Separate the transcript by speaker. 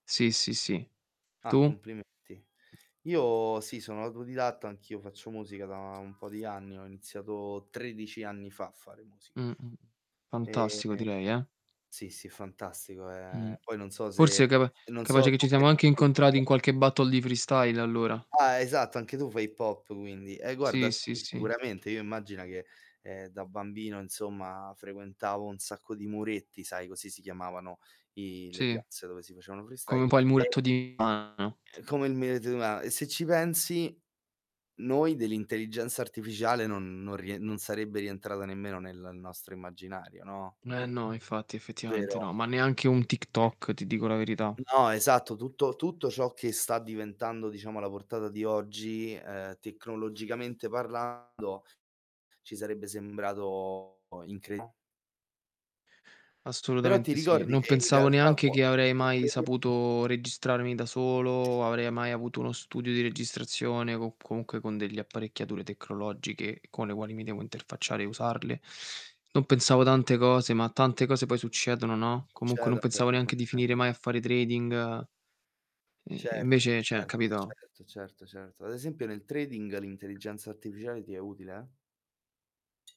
Speaker 1: Sì, sì, sì.
Speaker 2: Ah,
Speaker 1: Tu?
Speaker 2: complimenti. Io sì, sono autodidatta, anch'io faccio musica da un po' di anni, ho iniziato 13 anni fa a fare musica.
Speaker 1: Mh. Mh. Mh.
Speaker 2: Ehm,
Speaker 1: Fantastico direi, eh.
Speaker 2: sì, sì, fantastico.
Speaker 1: Mh,
Speaker 2: Ehm, poi non so se
Speaker 1: forse capa
Speaker 2: non so
Speaker 1: capace che
Speaker 2: tu
Speaker 1: ci
Speaker 2: che
Speaker 1: siamo
Speaker 2: tip
Speaker 1: anche
Speaker 2: di
Speaker 1: incontrati
Speaker 2: musica.
Speaker 1: in qualche Battle di freestyle allora.
Speaker 2: Ah, esatto, anche tu fai Hip-Hop quindi, eh guarda,
Speaker 1: Sì,
Speaker 2: sì,
Speaker 1: sì, sì.
Speaker 2: sicuramente. Io immagina che, ehm, da bambino, insomma, frequentavo un sacco di muretti, sai, così si chiamavano i le
Speaker 1: Sì.
Speaker 2: piazze dove si facevano
Speaker 1: Come
Speaker 2: freestyle.
Speaker 1: un po' il muretto
Speaker 2: E
Speaker 1: di Milano.
Speaker 2: Ehm, come il muretto di Milano e se ci pensi, noi dell'intelligenza artificiale non non rie non sarebbe rientrata nemmeno nel nostro immaginario, no?
Speaker 1: Eh no, infatti, effettivamente
Speaker 2: Vero.
Speaker 1: no, ma neanche un TikTok, ti dico la verità.
Speaker 2: No, esatto. Tutto tutto ciò che sta diventando, diciamo, alla portata di oggi, uhm, tecnologicamente parlando, ci sarebbe sembrato incre Però ti
Speaker 1: Assolutamente sì.
Speaker 2: ricordi
Speaker 1: Non
Speaker 2: che in
Speaker 1: pensavo
Speaker 2: realtà
Speaker 1: neanche
Speaker 2: qua
Speaker 1: che avrei mai
Speaker 2: [unintelligible]
Speaker 1: saputo registrarmi da solo, avrei mai avuto uno studio di registrazione co comunque con delle apparecchiature tecnologiche con le quali mi devo interfacciare e usarle. Non pensavo tante cose, ma tante cose poi succedono, no?
Speaker 2: Succede,
Speaker 1: Comunque
Speaker 2: ha
Speaker 1: non pensavo
Speaker 2: detto che non
Speaker 1: neanche di
Speaker 2: è
Speaker 1: finire mai
Speaker 2: arriva
Speaker 1: a fare trading ehm, e
Speaker 2: Certo,
Speaker 1: invece, cioè
Speaker 2: certo,
Speaker 1: capito?
Speaker 2: certo, certo, certo. Ad esempio nel trading l'intelligenza artificiale ti è utile?